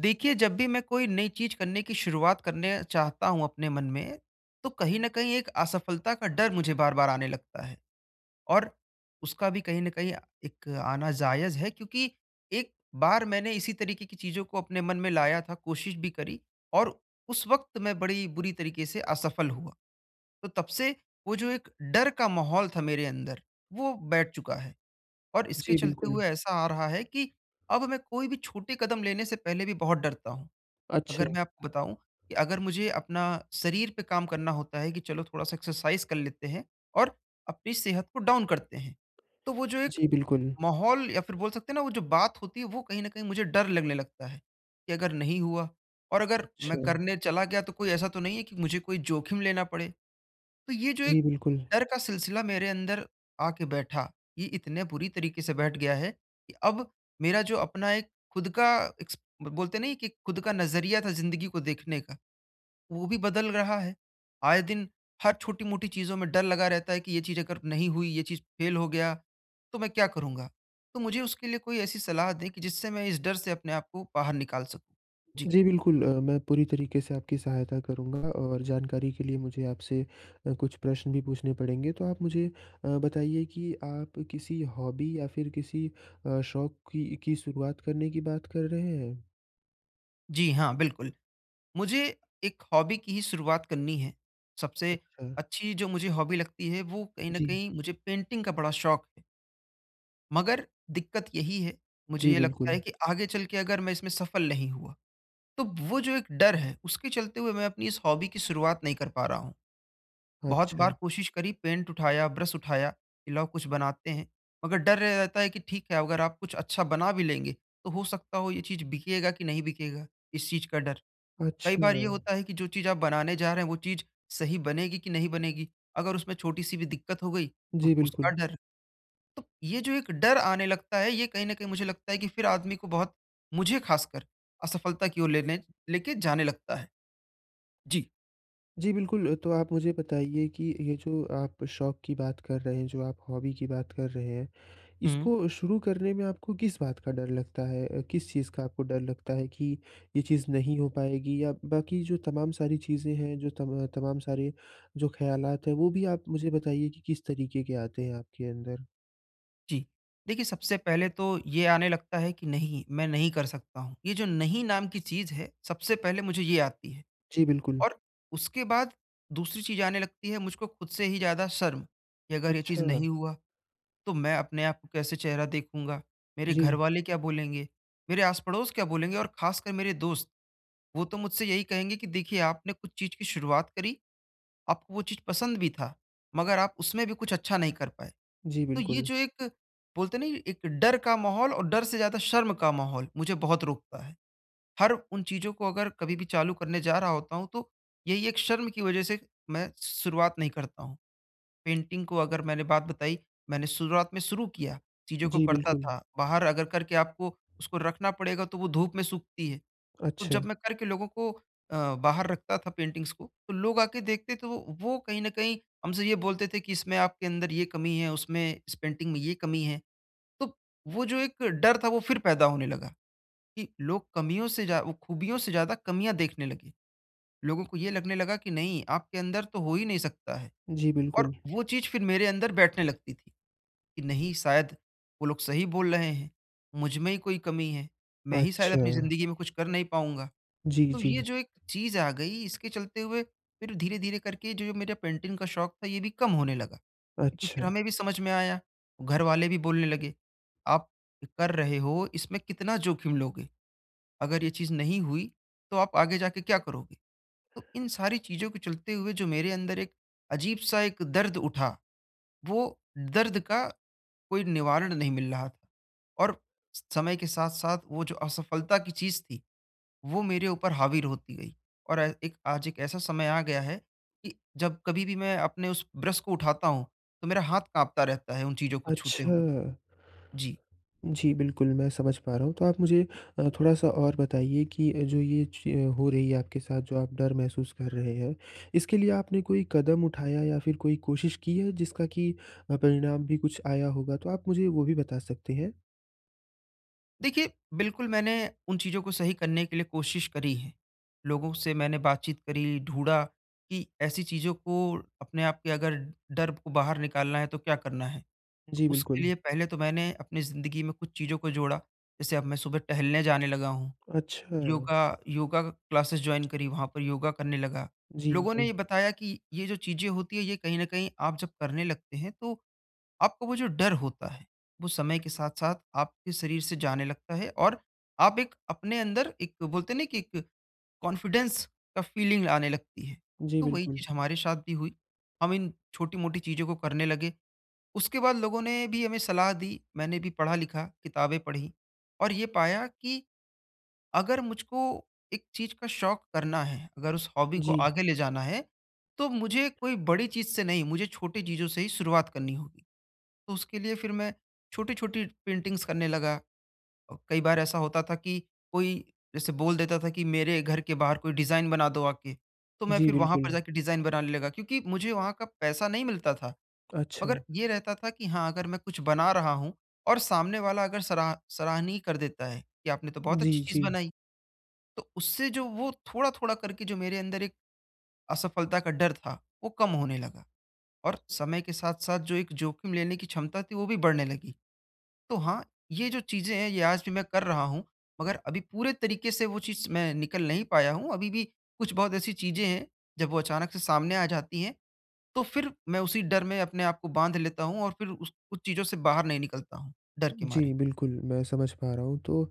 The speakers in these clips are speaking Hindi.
देखिए, जब भी मैं कोई नई चीज़ करने की शुरुआत करना चाहता हूँ अपने मन में, तो कहीं न कहीं एक असफलता का डर मुझे बार-बार आने लगता है और उसका भी कहीं न कहीं एक आना जायज़ है क्योंकि एक बार मैंने इसी तरीके की चीज़ों को अपने मन में लाया था, कोशिश भी करी और उस वक़्त मैं बड़ी बुरी तरीके से असफल हुआ। तो तब से, वो जो एक डर का माहौल था मेरे अंदर, वो बैठ चुका है और इसके जी, चलते बिल्कुल। हुए ऐसा आ रहा है कि अब मैं कोई भी छोटे कदम लेने से पहले भी बहुत डरता हूँ। अगर अच्छा। मैं आपको बताऊँ कि अगर मुझे अपना शरीर पे काम करना होता है कि चलो थोड़ा-सा एक्सरसाइज़ कर लेते हैं और अपनी सेहत को डाउन करते हैं। तो वो जो एक जी, बिल्कुल। माहौल या फिर बोल सकते हैं ना वो जो बात होती है, वो कहीं न कहीं मुझे डर लगने लगता है कि अगर नहीं हुआ और अगर मैं अच्छा। करने चला गया, तो कोई ऐसा तो नहीं है कि मुझे कोई जोखिम लेना पड़े। तो ये जो जी, एक बिल्कुल। डर का सिलसिला मेरे अंदर आके बैठा, ये इतने बुरी तरीके से बैठ गया है कि अब मेरा जो अपना एक खुद का इक्स ब बोलते हैं ना कि खुद का नज़रिया था ज़िंदगी को देखने का, वो भी बदल रहा है। आए दिन हर छोटी-मोटी चीज़ों में डर लगा रहता है कि ये चीज़ अगर नहीं हुई, ये चीज़ फेल हो गया, तो मैं क्या करूँगा? तो मुझे उसके लिए कोई ऐसी सलाह दें कि जिससे मैं इस डर से अपने आप को बाहर निकाल सकूँ। जी। जी, बिल्कुल अ, मैं पूरी तरीके से आपकी सहायता करूँगा और जानकारी के लिए मुझे आपसे अ, कुछ प्रश्न भी पूछने पड़ेंगे। तो आप मुझे अ, बताइए कि आप किसी हॉबी या फिर किसी अ, शौक़ की की शुरुआत करने की बात कर रहे हैं? जी, हाँ, बिल्कुल। मुझे एक हॉबी की ही शुरुआत करनी है। सबसे अच्छा। अच्छी जो मुझे हॉबी लगती है वो कहीं न जी। कहीं मुझे पेंटिंग का बड़ा शौक है। मगर, दिक्कत यही है, मुझे जी, ये लगता है बिल्कुल। कि आगे चल के अगर मैं इसमें सफल नहीं हुआ, तो वो जो एक डर है उसके चलते हुए मैं अपनी इस हॉबी की शुरुआत नहीं कर पा रहा हूँ। बहुत अच्छा। बार कोशिश करी पेंट उठाया, ब्रश उठाया कि लाओ कुछ बनाते हैं मगर डर रे रहता है कि ठीक है अगर आप कुछ अच्छा बना भी लेंगे तो हो सकता हो ये चीज़ बिकेगा कि नहीं बिकेगा? इस चीज़ का डर। कई अच्छा। बार ये होता है कि जो चीज़ आप बनाने जा रहे हैं वो चीज़ सही बनेगी कि नहीं बनेगी? अगर उसमें छोटी-सी भी दिक्कत हो गई, तो जी, उसका बिल्कुल। डर। तो ये जो एक डर आने लगता है ये कहीं न कहीं मुझे लगता है कि फिर आदमी को बहुत मुझे खासकर असफलता की ओर लेने लेके जाने लगता है। जी। जी, बिल्कुल। तो आप मुझे बताइए कि ये जो आप शौक की बात कर रहे हैं, जो आप हॉबी की बात कर रहे हैं, हुँ। इसको शुरू करने में आपको किस बात का डर लगता है? अ, किस चीज़ का आपको डर लगता है कि ये चीज़ नहीं हो पाएगी? या बाकी जो तमाम सारी चीज़ें हैं जो तम तमाम सारे जो ख़यालात है वो भी आप मुझे बताइए कि किस तरीके के आते हैं आपके अंदर? जी। देखिए, सबसे पहले तो ये आने लगता है कि नहीं, मैं नहीं कर सकता हूँ। ये जो नहीं नाम की चीज़ है, सबसे पहले मुझे ये आती है जी, बिल्कुल। और उसके बाद दूसरी चीज़ आने लगती है मुझको खुद से ही ज़्यादा शर्म, कि अगर ये चीज़ अच्छा। नहीं हुआ, तो मैं अपने आप को कैसे चेहरा देखूँगा? मेरे घर जी। वाले क्या बोलेंगे, मेरे आस पड़ोस क्या बोलेंगे और खासकर मेरे दोस्त, वो तो मुझसे यही कहेंगे की देखिए आपने कुछ चीज़ की शुरुआत करी, आपको वो चीज़ पसंद भी था, मगर आप उसमें भी कुछ अच्छा नहीं कर पाए। जी, तो ये बिल्कुल। जो एक बोलते है ना ये एक डर का माहौल और डर से ज़्यादा शर्म का माहौल, मुझे बहुत रोकता है। हर उन चीज़ों को अगर कभी भी चालू करने जा रहा होता हूँ, तो यही एक शर्म की वज़ह से मैं शुरुआत नहीं करता हूँ। पेंटिंग को अगर मैंने बात बताई, मैंने शुरुआत में शुरू किया, चीज़ों को जी, करता बिल्कुल। था, बाहर अगर करके आपको उसको रखना पड़ेगा तो वो धूप में सूखती है, तो अच्छा। जब मैं करके लोगों को अ, बाहर रखता था पेंटिंग्स को, तो लोग आके देखते थे वो वो कहीं ना कहीं हमसे ये बोलते थे कि इसमें आपके अंदर ये कमी है उसमें इस पेंटिंग में ये कमी है। तो वो जो एक डर था वो फिर पैदा होने लगा कि लोग कमियों से ज़्या वो खूबियों से ज़्यादा कमियाँ देखने लगे, लोगों को ये लगने लगा कि नहीं आपके अंदर तो हो ही नहीं सकता है जी, और बिल्कुल। वो चीज़ फिर मेरे अंदर बैठने लगती थी कि नहीं शायद वो लोग सही बोल रहे हैं, मुझ में ही कोई कमी है, मैं ही शायद अपनी अच्छा। ज़िंदगी में कुछ कर नहीं पाऊँगा, जी, तो ये जी। जो एक चीज़ आ गई इसके चलते हुए फिर धीरे-धीरे करके जो ये मेरे पेंटिंग का शौक़ था ये भी कम होने लगा क्योंकि फिर अच्छा। हमें भी समझ में आया, घरवाले भी बोलने लगे, आप कर रहे हो इसमें कितना जोखिम लोगे, अगर ये चीज़ नहीं हुई तो आप आगे जाके क्या करोगे? तो इन सारी चीज़ों के चलते हुए जो मेरे अंदर एक अजीब-सा एक दर्द उठा, वो दर्द का कोई निवारण नहीं मिल रहा था और समय के साथ-साथ वो जो असफलता की चीज़ थी, वो मेरे ऊपर हावि र होती गयी और एक आज एक ऐसा समय आ गया है कि जब कभी भी मैं अपने उस ब्रश को उठाता हूँ, तो मेरा हाथ कांपता रहता है उन चीज़ों को छूते हुए। अच्छा। जी। जी, बिल्कुल, मैं समझ पा रहा हूँ तो आप मुझे अ, थोड़ा-सा और बताइए कि अ, जो ये च हो रही है आपके साथ, जो आप डर महसूस कर रहे हैं। इसके लिए आपने कोई कदम उठाया या फिर कोई कोशिश की है जिसका कि अ, परिणाम भी कुछ आया होगा तो आप मुझे वो भी बता सकते हैं? देखिए, बिल्कुल मैंने उन चीज़ों को सही करने के लिए कोशिश करी है, लोगों से मैंने बातचीत करी, ढूँढ़ा कि ऐसी चीज़ों को अपने आप के अगर डर को बाहर निकालना है, तो क्या करना है? जी, उसके बिल्कुल। लिए पहले तो मैंने अपनी ज़िंदगी में कुछ चीज़ों को जोड़ा, जैसे अब मैं सुबह टहलने जाने लगा हूँ। अच्छा। योगा योगा क्लासेस जॉइन करी, वहाँ पर योगा करने लगा। जी, लोगों ने जी। ये बताया की ये जो चीज़ें होती हैं ये कहीं न कहीं आप जब करने लगते हैं, तो आपको वो जो डर होता है, वो समय के साथ-साथ आपके शरीर से जाने लगता है और आप एक अपने अंदर एक बोलते हैं ना कि एक कॉन्फिडेंस का फ़ीलिंग आने लगती है, जी, तो वही बिल्कुल। चीज़ हमारे साथ भी हुई हम इन छोटी-मोटी चीज़ों को करने लगे, उसके बाद लोगों ने भी हमें सलाह दी, मैंने भी पढ़ा-लिखा, किताबें पढ़ी और ये पाया कि अगर मुझको एक चीज़ का शौक़ करना है, अगर उस हॉबी को जी। आगे ले जाना है, तो मुझे कोई बड़ी चीज़ से नहीं मुझे छोटी चीज़ों से ही शुरुआत करनी होगी। तो उसके लिए फिर मैं छोटी-छोटी पेंटिंग्स करने लगा अ, कई बार ऐसा होता था की कोई जैसे बोल देता था की मेरे घर के बाहर कोई डिज़ाइन बना दो आके। तो मैं जी, फिर वहाँ पर जा बिल्कुल। के डिज़ाइन बनाने लगा क्योंकि मुझे वहाँ का पैसा नहीं मिलता था, मगर अच्छा। ये रहता था की हाँ, अगर मैं कुछ बना रहा हूँ और सामने वाला अगर सरा सराहनीय कर देता है, कि आपने तो बहुत अच्छी जी, चीज़ जी। बनाई। तो उससे जो वो थोड़ा-थोड़ा करके जो मेरे अंदर एक असफलता का डर था, वो कम होने लगा और समय के साथ-साथ जो एक जोखिम लेने की क्षमता थी, वो भी बढ़ने लगी। तो हाँ, ये जो चीज़ें हैं ये आज भी मैं कर रहा हूँ। मगर अभी पूरे तरीक़े से वो चीज़ मैं निकल नहीं पाया हूँ, अभी भी कुछ बहुत ऐसी चीज़ें हैं, जब वो अचानक से सामने आ जाती हैं तो फिर मैं उसी डर में अपने आप को बाँध लेता हूँ और फिर उस उस चीज़ों से बाहर नहीं निकलता हूँ, डर के मारे। जी, बिल्कुल, मैं समझ पा रहा हूँ तो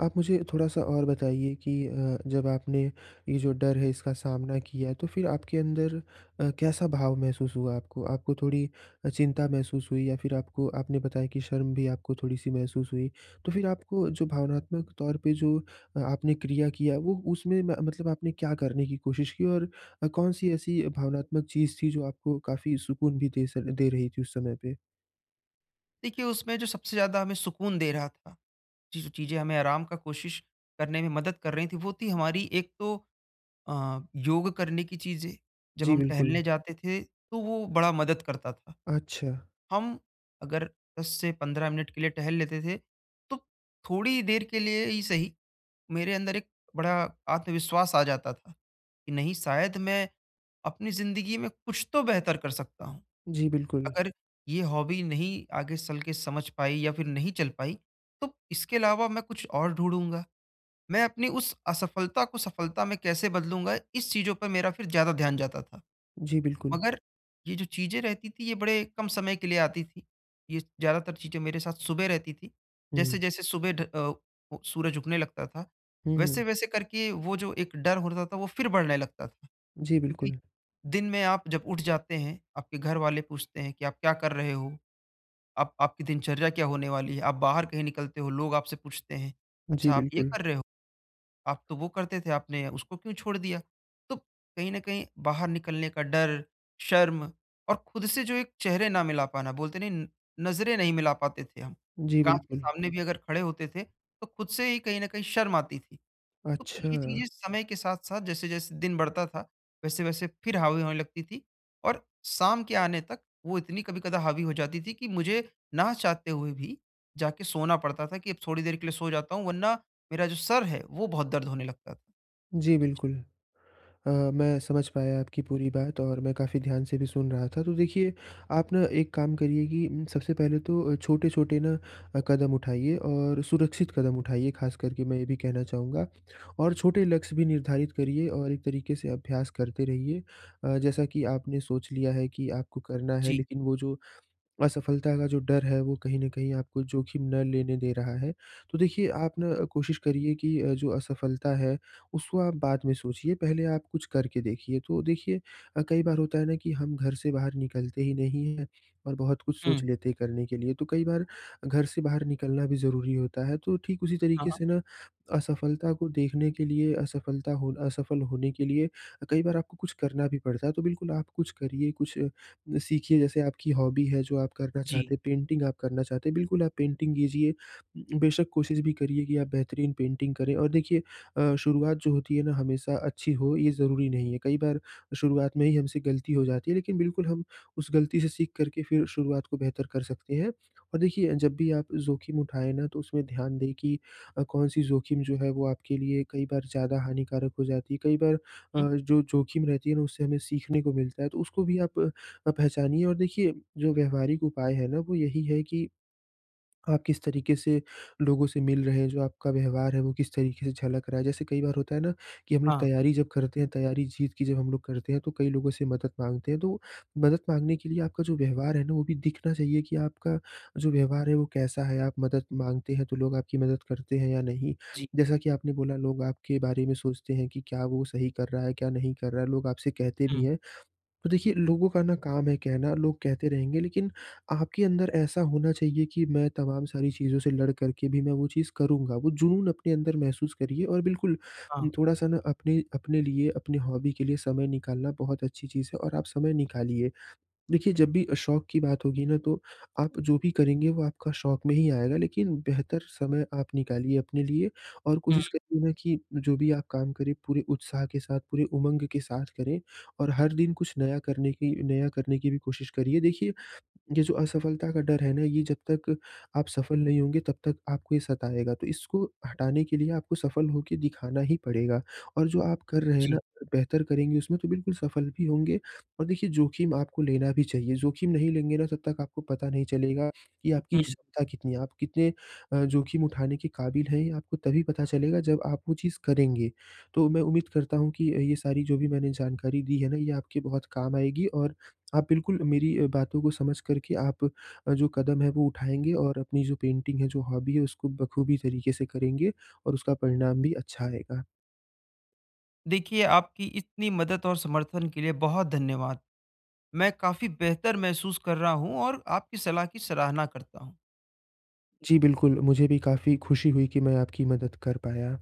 आप मुझे थोड़ा-सा और बताइए कि अ, जब आपने ये जो डर है इसका सामना किया, तो फिर आपके अंदर अ, कैसा भाव महसूस हुआ आपको? आपको थोड़ी अ, चिंता महसूस हुई या फिर आपको आपने बताया कि शर्म भी आपको थोड़ी-सी महसूस हुई? तो फिर आपको जो भावनात्मक तौर पे जो अ, आपने क्रिया किया, वो उसमें म मतलब आपने क्या करने की कोशिश की? और अ, कौन सी ऐसी भावनात्मक चीज़ थी जो आपको काफ़ी सुकून भी दे सक दे रही थी उस समय पे? देखिए, उसमें जो सबसे ज़्यादा हमें सुकून दे रहा था, ये जो चीज़ें हमें आराम का कोशिश करने में मदद कर रही थी, वो थी हमारी एक तो अ, योग करने की चीज़ें, जब जी, हम बिल्कुल। टहलने जाते थे, तो वो बड़ा मदद करता था। अच्छा। हम अगर 10 से 15 मिनट के लिए टहल लेते थे, तो थोड़ी देर के लिए ही सही, मेरे अंदर एक बड़ा आत्मविश्वास आ जाता था, कि नहीं शायद मैं अपनी ज़िंदगी में कुछ तो बेहतर कर सकता हूँ। जी, बिल्कुल। अगर ये हॉबी नहीं आगे चल के समझ पाई या फिर नहीं चल पाई, तो इसके अलावा मैं कुछ और ढूँढ़ूँगा, मैं अपनी उस असफ़लता को सफ़लता में कैसे बदलूँगा, इस चीज़ों पे मेरा फिर ज़्यादा ध्यान जाता था। जी, बिल्कुल। मगर ये जो चीज़ें रहती थी ये बड़े कम समय के लिए आती थी, ये ज़्यादातर चीज़ें मेरे साथ सुबह रहती थी, हुँ। जैसे-जैसे सुबह ढ अ, ओ सूरज उगने लगता था, हुँ, हुँ। वैसे-वैसे करके वो जो एक डर होता था, वो फिर बढ़ने लगता था, जी, क्योंकि बिल्कुल। दिन में आप जब उठ जाते हैं, आपके घर वाले पूछते हैं कि आप क्या कर रहे हो? आप आपकी दिनचर्या क्या होने वाली है, आप बाहर कहीं निकलते हो, लोग आपसे पूछते हैं, अच्छा जी, आप ये बिल्कुल। कर रहे हो? आप तो वो करते थे, आपने उसको क्यों छोड़ दिया? तो, कहीं न कहीं बाहर निकलने का डर, शर्म और खुद से जो एक चेहरे ना मिला पाना, बोलते नहीं न नज़रें नहीं मिला पाते थे हम, जी, काँच के बिल्कुल। सामने भी अगर खड़े होते थे तो खुद से ही कहीं न कहीं शर्म आती थी। तो ये अच्छा। चीज़ें समय के साथ-साथ जैसे-जैसे दिन बढ़ता था, वैसे-वैसे फिर हावी होने लगती थी और शाम के आने तक वो इतनी कभी-कदा हावी हो जाती थी कि मुझे, ना चाहते हुए भी जा के सोना पड़ता था कि अब थोड़ी देर के लिए सो जाता हूँ वरना मेरा जो सर है वो बहुत दर्द होने लगता था। जी, बिल्कुल। अ, मैं समझ पाया आपकी पूरी बात और मैं काफ़ी ध्यान से भी सुन रहा था, तो देखिए, आप ना एक काम करिए कि इन सबसे पहले तो छोटे-छोटे ना अ, कदम उठाइए और सुरक्षित कदम उठाइए ख़ास करके मैं ये भी कहना चाहूँगा। और छोटे लक्ष्य भी निर्धारित करिए और एक तरीक़े से अभ्यास करते रहिए अ, जैसा कि आपने सोच लिया है कि आपको करना है जी। लेकिन वो जो असफ़लता का जो डर है, वो कहीं न कहीं आपको ज़ोखिम ना लेने दे रहा है। तो देखिए, आप ना कोशिश करिए कि अ, जो असफ़लता है, उसको आप बाद में सोचिए, पहले आप कुछ करके देखिए। तो देखिए अ, कई बार होता है ना कि हम घर से बाहर निकलते ही नहीं हैं और बहुत कुछ सोच हुँ। लेते हैं करने के लिए, तो कई बार, घर से बाहर निकलना भी ज़रूरी होता है, तो ठीक उसी हाँ, तरीक़े हाँ। से ना असफ़लता को देखने के लिए असफ़लता होना असफल होने के लिए अ, कई बार आपको कुछ करना भी पड़ता है। तो बिल्कुल आप कुछ करिए, कुछ अ, सीखिए जैसे आपकी हॉबी है जो आप करना जी। चाहते हैं, पेंटिंग आप करना चाहते हैं, बिल्कुल आप पेंटिंग कीजिए उम, बेशक कोशिश भी करिए कि आप बेहतरीन पेंटिंग करें। और देखिए अ, शुरुआत जो होती है ना, हमेशा अच्छी हो ये ज़रूरी नहीं है, कई बार शुरुआत में ही हमसे ग़लती हो जाती है, लेकिन बिल्कुल हम उस ग़लती से सीख कर के फिर शुरुआत को बेहतर कर सकते हैं। और देखिए, जब भी आप जोख़िम उठाए ना, तो उसमें ध्यान दें कि अ, कौन-सी जोख़िम जो है वो आपके लिए कई बार ज़्यादा हानिकारक हो जाती है, कई बार हुँ। अ, जो जोख़िम रहती है ना, उससे हमें सीखने को मिलता है, तो उसको भी आप अ, पहचानिए और देखिए, जो व्यावहारिक उपाय है ना, वो यही है कि आप किस तरीक़े से लोगों से मिल रहे हैं, जो आपका व्यवहार है वो किस तरीक़े से झलक रहा है। जैसे कई बार होता है ना, कि हम लोग हाँ। तैयारी जब करते हैं, तैयारी जीत की जब हम लोग करते हैं तो कई लोगों से मदद माँगते हैं, तो मदद माँगने के लिए आपका जो व्यवहार है ना वो भी दिखना चाहिए कि आपका जो व्यवहार है वो कैसा है, आप मदद माँगते हैं तो लोग आपकी मदद करते हैं या नहीं? जी। जैसा कि आपने बोला लोग आपके बारे में सोचते हैं कि क्या वो सही कर रहा है, क्या नहीं कर रहा है? लोग आपसे कहते भी हुँ। हैं। तो देखिए, लोगों का ना काम है कहना, लोग कहते रहेंगे लेकिन आपके अंदर ऐसा होना चाहिए कि मैं तमाम सारी चीज़ों से लड़ करके भी मैं वो चीज़ करूँगा, वो जुनून अपने अंदर महसूस करिए। और बिल्कुल उम, हाँ। थोड़ा-सा ना अपने अपने लिए, अपनी हॉबी के लिए समय निकालना बहुत अच्छी चीज़ है और आप समय निकालिए। देखिए, जब भी अ, शौक़ की बात होगी ना, तो आप जो भी करेंगे वो आपका शौक़ में ही आएगा, लेकिन बेहतर समय आप निकालिए अपने लिए और हुँ। कोशिश करिए ना कि, जो भी आप काम करें पूरे उत्साह के साथ, पूरे उमंग के साथ करें और हर दिन कुछ नया करने की नया करने की भी कोशिश करिए। देखिए, ये जो असफ़लता का डर है ना, ये जब तक आप सफ़ल नहीं होंगे तब तक आपको ये सताएगा, तो इसको हटाने के लिए आपको सफ़ल हो के दिखाना ही पड़ेगा और जो आप कर रहे हैं ना जी। अ, बेहतर करेंगे उसमें तो बिल्कुल सफ़ल भी होंगे। और देखिए, जोख़िम आपको लेना भी चाहिए, जोख़िम नहीं लेंगे ना तब तक आपको पता नहीं चलेगा, कि आपकी हुँ। क्षमता कितनी है, आप कितने अ, जोख़िम उठाने के क़ाबिल हैं? ये आपको तभी पता चलेगा जब आप वो चीज़ करेंगे। तो मैं उम्मीद करता हूँ अ, कि ये सारी जो भी मैंने जानकारी दी है ना, ये आपके बहुत काम आएगी और आप बिल्कुल मेरी बातों को समझ कर के आप अ, जो कदम है, वो उठाएँगे और अपनी जो पेंटिंग है, जो हॉबी है उसको बख़ूबी तरीक़े से करेंगे और उसका परिणाम भी अच्छा आएगा। देखिए, आपकी इतनी मदद और समर्थन के लिए बहुत धन्यवाद। मैं काफ़ी बेहतर महसूस कर रहा हूँ और आपकी सलाह की सराहना करता हूँ। जी, बिल्कुल, मुझे भी काफ़ी खुशी हुई कि मैं आपकी मदद कर पाया।